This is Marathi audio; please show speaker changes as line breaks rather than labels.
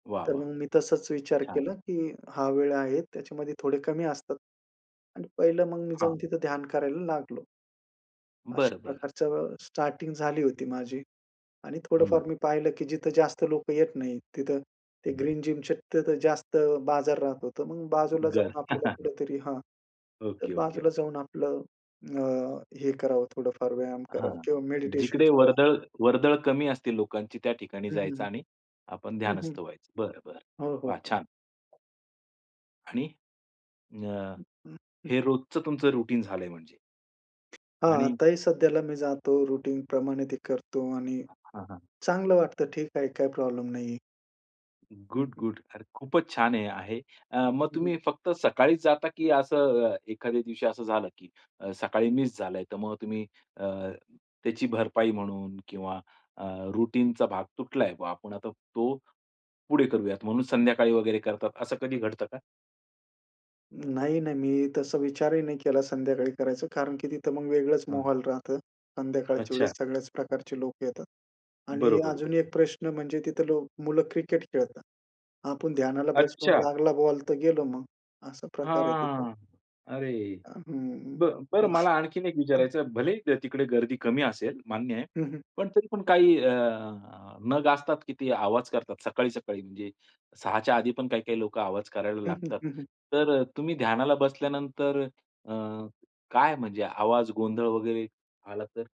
वाह,
तर
वाह!
मग मी तसाच विचार
छान.
केला, की हा वेळ आहे त्याच्यामध्ये थोडे कमी असतात आणि पहिलं, मग मी
हां.
जाऊन तिथं ध्यान करायला लागलो. अशा
बरं, बरं.
प्रकारच स्टार्टिंग झाली होती माझी. आणि
हं.
थोडंफार मी पाहिलं, की जिथं जास्त लोकं येत नाहीत. तिथं ते
हं.
ग्रीन जिम शक्यतो जास्त बाजार राहत होतं. मग बाजूला
बरं.
जाऊन आपल्याला कुठेतरी हां, तर
ओके, ओके,
बाजूला
ओके.
जाऊन आपलं अ, हे करावं, थोडंफार व्यायाम करावा
हां,
किंवा मेडिटेशन
जिकडे
करावं.
वर्दळ वर्दळ कमी असते लोकांची, त्या ठिकाणी
हं, हं,
जायचं
हं.
आणि आपण
हं, हं.
ध्यानस्त व्हायचं. बरं, बरं.
हो, हो,
वा!
हो.
छान. आणि अ,
हं. हं. हं.
हे रोजचं तुमचं रुटीन झालंय म्हणजे?
हां,
आणि
आताही सध्याला मी जातो रुटीनप्रमाणे ते करतो आणि
हां, हां.
चांगलं वाटतं. ठीक आहे, काही प्रॉब्लेम नाहीये. हं,
गुड,
हं.
गुड. अरे, खूपच छान हे आहे. मग
हं, हं.
तुम्ही फक्त सकाळीच जाता की असं अ, एखाद्या दिवशी असं झालं की अ, सकाळी मिस झालंय, तर मग तुम्ही अ, त्याची भरपाई म्हणून किंवा अ, रूटीनचा भाग तुटलाय बा, आपण आता तो पुढे करूयात म्हणून संध्याकाळी वगैरे करतात, असं कधी घडतं का?
नाही, नाही, मी तसा विचारही नाही केला संध्याकाळी करायचा. कारण की तिथं मग वेगळंच
हं.
माहोल राहतं. संध्याकाळच्या
अच्छा.
वेळेस सगळ्याच प्रकारचे लोकं येतात. आणि
बरोबर,
अजून
बरोबर.
एक प्रश्न म्हणजे तिथं लो मुलं क्रिकेट खेळतात. आपण ध्यानाला बसलो अन
अच्छा!
लागला बॉल तर गेलो मग असा प्रकार आहे तिथं.
हां, अरे.
अ, हं,
बरं बरं, मला आणखीन एक
हं.
विचारायचं आहे. भलेही तिकडे गर्दी कमी असेल मान्य आहे.
हं, हं.
पण तरी पण काही अ, अ, नग असतात की ते आवाज करतात. सकाळी-सकाळी म्हणजे 6:00 च्या आधी पण काही-काही लोकं आवाज करायला
हं, हं,
लागतात.
हं, हं.
तर अ, तुम्ही ध्यानाला बसल्यानंतर अ, काय म्हणजे आवाज गोंधळ वगैरे आला तर?